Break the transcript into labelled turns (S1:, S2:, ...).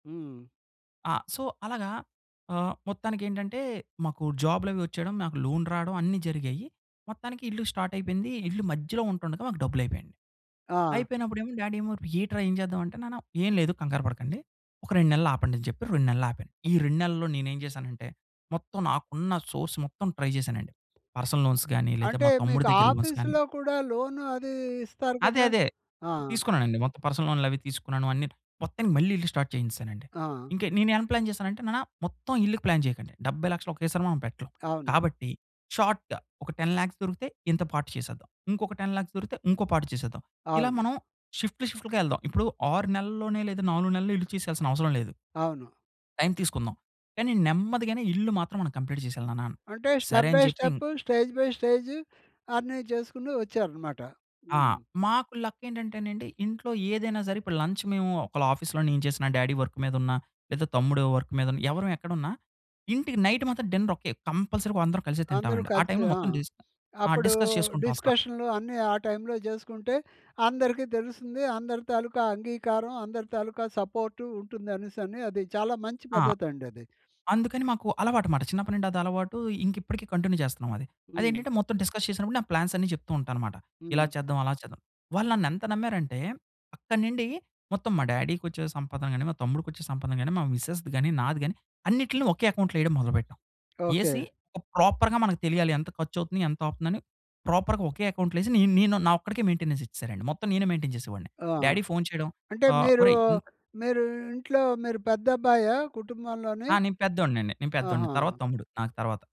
S1: హ్మ్.
S2: ఆ! సో, అలాగా ఆహ్, మొత్తానికెంటంటే, మాకు జాబ్‌లు అవి వచ్చేయడం, మాకు లోన్ రావడం, అన్నీ జరిగాయి. మొత్తానికి ఇల్లు స్టార్ట్ అయిపోయింది. ఇల్లు మధ్యలో ఉంటుండగా, మాకు డబ్బులు అయిపోయా‌యండి.
S1: ఆ!
S2: అయిపోయినప్పుడు ఏమో డ్యాడీ ఏమో, "ఏంట్రా ఏం చేద్దాం" అంటే, నాన్న ఏం లేదు కంగారు పడకండి. ఒక 2 నెలలు ఆపండి అని చెప్పి. 2 నెలలు ఆపాను. ఈ 2 నెలల్లో నేను ఏం జేసానంటే, మొత్తం నాకున్న సోర్స్ మొత్తం ట్రై జేసానండి. పర్సనల్ లోన్స్ గాని, లేదా
S1: అంటే,
S2: మా తమ్ముడి
S1: మీకు
S2: దగ్గర లోన్స్ కానీ.
S1: ఆఫీసు‌లో కూడా, లోన్ అది ఇస్తారు
S2: అదే,
S1: కదా?
S2: అదే.
S1: ఆ!
S2: తీసుకున్నానండి. మొత్తం పర్సనల్ లోన్‌లు అవి తీసుకున్నాను అన్ని. మొత్తానికి మళ్ళీ ఇల్లు స్టార్ట్ చేయించేసానండి.
S1: ఆ!
S2: ఇంక నేను ఏం ప్లాన్ జేసానంటే, నాన్న మొత్తం ఇల్లుకి ప్లాన్ చేయకండి. 70,00,000 ఒకేసారి మనం పెట్టలేం.
S1: అవును.
S2: కాబట్టి, షార్ట్‌గా ఒక, 10,00,000 దొరికితే, ఇంత పార్ట్ చేసేద్దాం. ఇంకొక 10,00,000 దొరికితే, ఇంకో పార్ట్ చేసేద్దాం. ఇలా
S1: అవును.
S2: మనం షిఫ్ట్‌లు, షిఫ్ట్‌లు‌గా యేళ్దాం. ఇప్పుడు 6 నెలల్లోనే, లేదా 4 నెలల్లో ఇల్లు చేసేయాల్సిన అవసరం లేదు.
S1: అవును.
S2: టైమ్ తీసుకుందాం. కానీ, నెమ్మదిగానే ఇల్లు మాత్రం మనం కంప్లీట్ చేసేయాలి నాన్న.
S1: అంటే,
S2: సరే,
S1: స్టెప్
S2: అని
S1: బై
S2: చెప్పి ఇం
S1: స్టెప్, స్టేజ్ బై స్టేజ్, అన్ని చేసుకుంటూ వచ్చారనమాట.
S2: ఆ!
S1: హుహు.
S2: మాకు లక్ ఏంటంటేనండి, ఇంట్లో ఏదైనా సరే, ఇప్పుడు లంచ్ మేము ఒకవేళ ఆఫీస్‌లో నేను చేసిన, డ్యాడీ వర్క్ మీద ఉన్నా, లేదా తమ్ముడు వర్క్ మీద ఉన్నా, ఎవ్వరం ఎక్కడున్నా ఇంటికి నైటు మాత్రం డిన్నర్ ఒకటే. కంపల్సరీగా అందరం కలిసి
S1: అందరు
S2: తింటామండి. ఆ
S1: కలిసి
S2: టైమ్‌లో
S1: ఆ!
S2: మొత్తం డిస్ ఆ!
S1: అప్పుడు
S2: డిస్కస్ చేసుకుంటాం అసలా.
S1: డిస్కషన్‌లు అన్ని ఆ టైమ్‌లో చేసుకుంటే, అందరికి తెలుస్తుంది. అందరి తాలూకా అంగీకారం, అందరి తాలూకా సపోర్టు ఉంటుంది అనేసి అని. అది చాలా మంచి
S2: ఆ!
S1: పద్ధతి అండి అది.
S2: అందుకని మాకు అలవాటు అనమాట. చిన్నప్పటి నుండి అది అలవాటు. ఇంకా ఇప్పటికి కంటిన్యూ చేస్తున్నాం అది. అది
S1: హ్మ్.
S2: ఏంటంటే, మొత్తం డిస్కస్ చేసినప్పుడు, నా ప్లాన్స్ అన్ని చెప్తూ ఉంటా అనమాట. ఇలా
S1: హ్మ్.
S2: చేద్దాం, అలా చేద్దాం. వాళ్ళు నన్ను ఎంత నమ్మారంటే, అక్కడి నుండి మొత్తం మా డ్యాడీకొచ్చే సంపాదన గాని, మా తమ్ముడికి వచ్చే సంపాదన గాని, మా మిసెస్‌ది గాని, నాది గాని అన్నిట్లని ఒకే అకౌంట్‌లో వేయడం మొదలుపెట్టాం.
S1: ఓకే.
S2: యేసీ, ఒక ప్రాపర్‌గా మనకు తెలియాలి ఎంత ఖర్చు అవుతుంది, ఎంత అవుతుంది అని ప్రాపర్‌గా ఒకే అకౌంట్‌లో యేసి, నే నేను నా ఒక్కడికే మెయింటెనెన్స్ ఇచ్చేసారండి. మొత్తం నేనే మెయింటైన్ చేసేవాడిని.
S1: ఆ!
S2: డ్యాడీ ఫోన్ చేయడం.
S1: అంటే
S2: ఆహ్,
S1: మీరు,
S2: ఒరేయ్ ఇంత
S1: మీరు ఇంట్లో మీరు పెద్దబ్బాయ? కుటుంబంలోని.
S2: ఆ! నేను పెద్దోడిని అండి. నేను పెద్దోడిని.
S1: ఆహా!
S2: తర్వాత తమ్ముడు నాకు తరువాత.